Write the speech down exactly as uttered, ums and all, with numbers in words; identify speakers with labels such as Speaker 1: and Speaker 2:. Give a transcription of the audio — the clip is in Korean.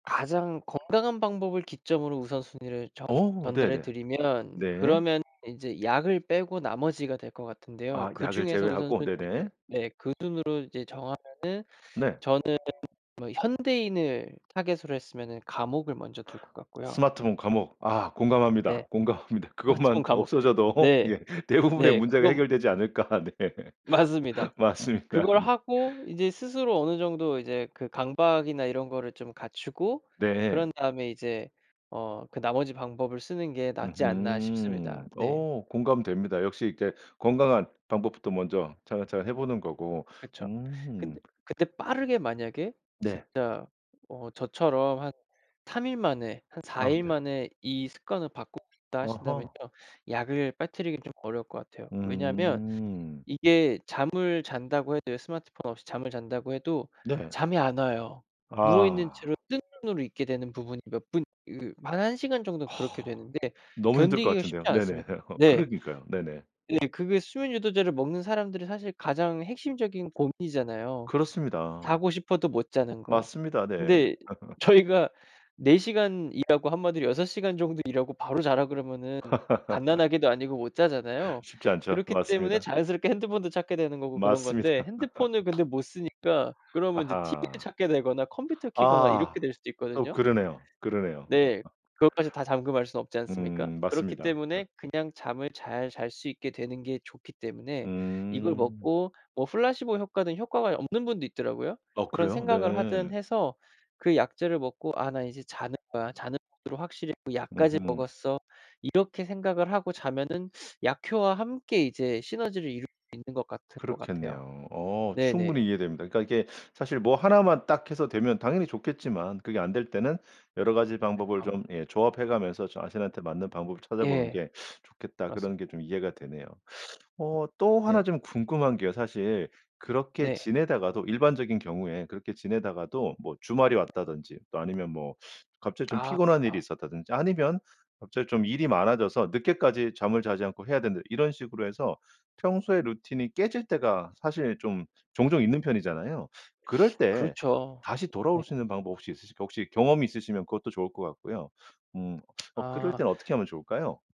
Speaker 1: 가장 건강한 방법을 기점으로 우선순위를 정
Speaker 2: 어
Speaker 1: 전달해
Speaker 2: 네네.
Speaker 1: 드리면
Speaker 2: 네.
Speaker 1: 그러면 인제 약을 빼고 나머지가 될 것 같은데요.
Speaker 2: 아 약을
Speaker 1: 그중에서
Speaker 2: 제외하고.
Speaker 1: 우선순위를
Speaker 2: 네네.
Speaker 1: 네 그 순으로 이제 정하면은
Speaker 2: 네.
Speaker 1: 저는 뭐 현대인을 타깃으로 했으면은 감옥을 먼저 둘 것 같고요.
Speaker 2: 스마트폰 감옥 아
Speaker 1: 네.
Speaker 2: 공감합니다. 공감합니다.
Speaker 1: 스마트폰
Speaker 2: 그것만
Speaker 1: 감옥.
Speaker 2: 없어져도
Speaker 1: 네.
Speaker 2: 예 대부분의
Speaker 1: 네
Speaker 2: 문제가
Speaker 1: 그건
Speaker 2: 해결되지 않을까. 네
Speaker 1: 맞습니다.
Speaker 2: 맞습니다.
Speaker 1: 그걸
Speaker 2: 네.
Speaker 1: 하고 인제 스스로 어느 정도 이제 그 강박이나 이런 거를 좀 갖추고 그런
Speaker 2: 네.
Speaker 1: 다음에 이제 어 그 '나머지 방법을 쓰는 게 낫지 않나.' 싶습니다.
Speaker 2: 으흠.
Speaker 1: 네.
Speaker 2: 어 공감됩니다. 역시 이제 건강한 방법부터 먼저 차근차근 해 보는 거고.
Speaker 1: 그쵸. 근데
Speaker 2: 음.
Speaker 1: 그때 빠르게 만약에
Speaker 2: 네.
Speaker 1: 진짜 어 저처럼 '한 삼 일 만에 한 사
Speaker 2: 아
Speaker 1: 일
Speaker 2: 네.
Speaker 1: 만에 이 습관을 바꾸고 싶다.' 하신다면요,
Speaker 2: 어허.
Speaker 1: 약을 빠뜨리기는 좀 어려울 것 같아요. 왜냐하면
Speaker 2: 음.
Speaker 1: 이게 잠을 잔다고 해도요 스마트폰 없이 잠을 잔다고 해도
Speaker 2: 네.
Speaker 1: 잠이 안 와요. 누워있는
Speaker 2: 아.
Speaker 1: 채로 뜬 눈으로 있게 되는 부분이 몇 분 이 한 한 시간 정도 그렇게
Speaker 2: 아.
Speaker 1: 되는데
Speaker 2: 너무 힘들 것
Speaker 1: 견디기가
Speaker 2: 같은데요.
Speaker 1: 쉽지
Speaker 2: 네네
Speaker 1: 않습니다. 네.
Speaker 2: 그러니까요. 네네.
Speaker 1: 예 그게 수면 유도제를 먹는 사람들이 사실 가장 핵심적인 고민이잖아요.
Speaker 2: 그렇습니다.
Speaker 1: 자고 싶어도 못 자는 거.
Speaker 2: 맞습니다. 네.
Speaker 1: 근데 저희가 "네 시간 일하고 한마디로 여섯 시간 정도 일하고 바로 자라." 그러면은 갓난 아기도 아니고 못 자잖아요.
Speaker 2: 쉽지 않죠.
Speaker 1: 그렇기 때문에
Speaker 2: 맞습니다.
Speaker 1: 자연스럽게 핸드폰도 찾게 되는 거고 그런 건데
Speaker 2: 맞습니다.
Speaker 1: 핸드폰을 근데 못 쓰니까 그러면 인제 티브이를
Speaker 2: 아하.
Speaker 1: 찾게 되거나 컴퓨터를 켜거나
Speaker 2: 아.
Speaker 1: 이렇게 될 수도
Speaker 2: 또
Speaker 1: 있거든요.
Speaker 2: 그러네요. 그러네요.
Speaker 1: 네. 그것까지 다 잠금할 순 없지 않습니까?
Speaker 2: 음
Speaker 1: 그렇기
Speaker 2: 맞습니다. 어.
Speaker 1: 때문에 그냥 잠을 잘 잘 수 있게 되는 게 좋기 때문에 이걸
Speaker 2: 음.
Speaker 1: 먹고 뭐 플라시보 효과는 효과가 없는 분도 있더라고요.
Speaker 2: 어
Speaker 1: 그런
Speaker 2: 그래요?
Speaker 1: 생각을 하든
Speaker 2: 네.
Speaker 1: 해서 그 약재를 먹고 '아 나 이제 자는 거야. 자는 모드로 확실히 약까지
Speaker 2: 으흠.
Speaker 1: 먹었어.' 이렇게 생각을 하고 자면은 약효와 함께 이제 시너지를 이룰 수 있는 것 같으 같을 것 같아요.
Speaker 2: 그렇겠네요. 어 충분히
Speaker 1: 네네.
Speaker 2: 이해됩니다. 그러니까 이게 사실 뭐 하나 만 딱해서 되면 당연히 좋겠지만 그게 안 될 때는 여러 가지 방법을
Speaker 1: 그쵸.
Speaker 2: 좀 예 조합해 가면서 자신한테 맞는 방법을 찾아보는
Speaker 1: 예.
Speaker 2: 게 좋겠다 그런 게
Speaker 1: 맞습니다.
Speaker 2: 좀 이해가 되네요. 어 또 하나
Speaker 1: 네.
Speaker 2: 좀 궁금한 게요. 사실 그렇게
Speaker 1: 네.
Speaker 2: 지내다가도 일반적인 경우에 그렇게 지내다가도 뭐 주말이 왔다든지 또 아니면 뭐 갑자기 좀
Speaker 1: 아.
Speaker 2: 피곤한 일이
Speaker 1: 파.
Speaker 2: 있었다든지 아니면 갑자기 좀 일이 많아져서 늦게까지 잠을 자지 않고 해야 된다 이런 식으로 해서 평소에 루틴이 깨질 때가 사실 좀 종종 있는 편이잖아요. 그럴 때
Speaker 1: 그렇죠.
Speaker 2: 다시
Speaker 1: 네.
Speaker 2: 돌아올 수 있는 방법 혹시 있으실까요? 혹시 경험이 있으시면 그것도 좋을 것 같고요. 음 어 그럴
Speaker 1: 아.
Speaker 2: 땐 어떻게 하면 좋을까요?